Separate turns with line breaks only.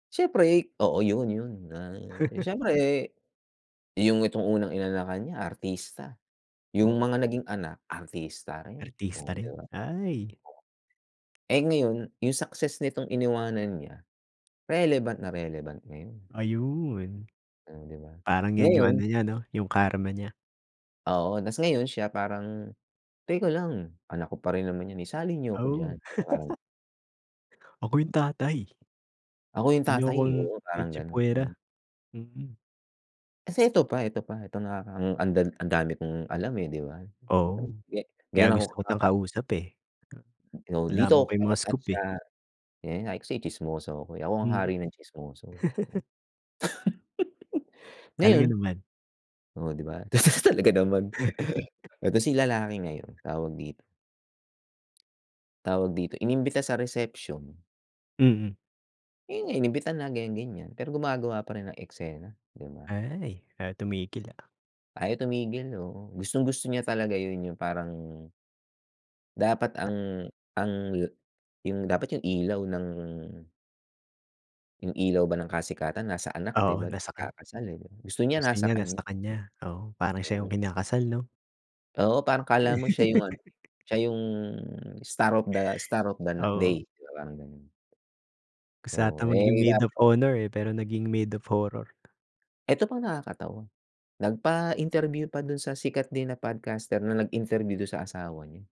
Siyempre, oo, 'yun 'yun, ay siyempre, 'yung itong unang inanakan niya artista, 'yung
Oh.
mga naging anak artista rin.
Artista
Oo, 'di
rin,
ba?
ay.
Eh, ngayon, 'yung success nitong iniwanan niya, relevant na relevant ngayon.
Ayun,
Hmm, 'di ba,
parang 'yan 'yung ano
ngayon
niya, ano, 'yung karma niya.
Oo, tas ngayon siya parang, "Teka lang, anak ko pa rin naman 'yan, isali niyo ako
Oh.
diyan." Parang
"Ako 'yung tatay, 'wag
Ako 'yung
niyo
tatay,
akong
oo, parang gano'n. Mm.
itsapuwera." Mm.
Kasi ito pa ito pa, ito na kakang andag ang dami kong alam, eh, 'di ba?. [unintelligible]
Oo, kaya
Ganyan
gusto
ako
kitang
kaka
kausap, eh,
Oo,
malalaman ko
dito ako
'yung mga
na-touch
scoop,
sa
eh.
yun nga, kasi tsismoso ko ako, eh, ang
Mm.
hari ng tsismoso.
Talaga
Ngayon,
naman.
oo, 'di ba, talaga naman, eh tas 'yung lalaki ngayon, tawag dito. Tawag dito, inimbita sa reception.
Mm.
'Yun nga, inimbita na ganyan, ganyan, pero gumagawa pa rin ng eksena, 'di ba?
Ay, ayaw tumigil, ah.
Ayaw tumigil. Oo, gustong-gusto niya talaga 'yun, 'yung parang dapat ang ang yu 'yung dapat 'yung ilaw ng 'Yung ilaw ba ng kasikatan nasa anak, 'di
Oo,
ba,
nasa kaniya.
ikakasal, eh, gusto niya
Gusto
nasa
niya
kaniya.
nasa kaniya, oo, parang siya
Mm.
'yung kinakasal, 'no?
Oo, parang akala mo siya 'yung ano, siya 'yung star of the star of the na day,
Oo.
yung parang gano'n.
Gusto
Oo,
ata maging
eh ka
maid of honor, eh, pero naging maid of horror.
Eto pa nakakatawa, nagpa-interview pa dun sa sikat din na podcaster na nag-interview dun sa asawa niya.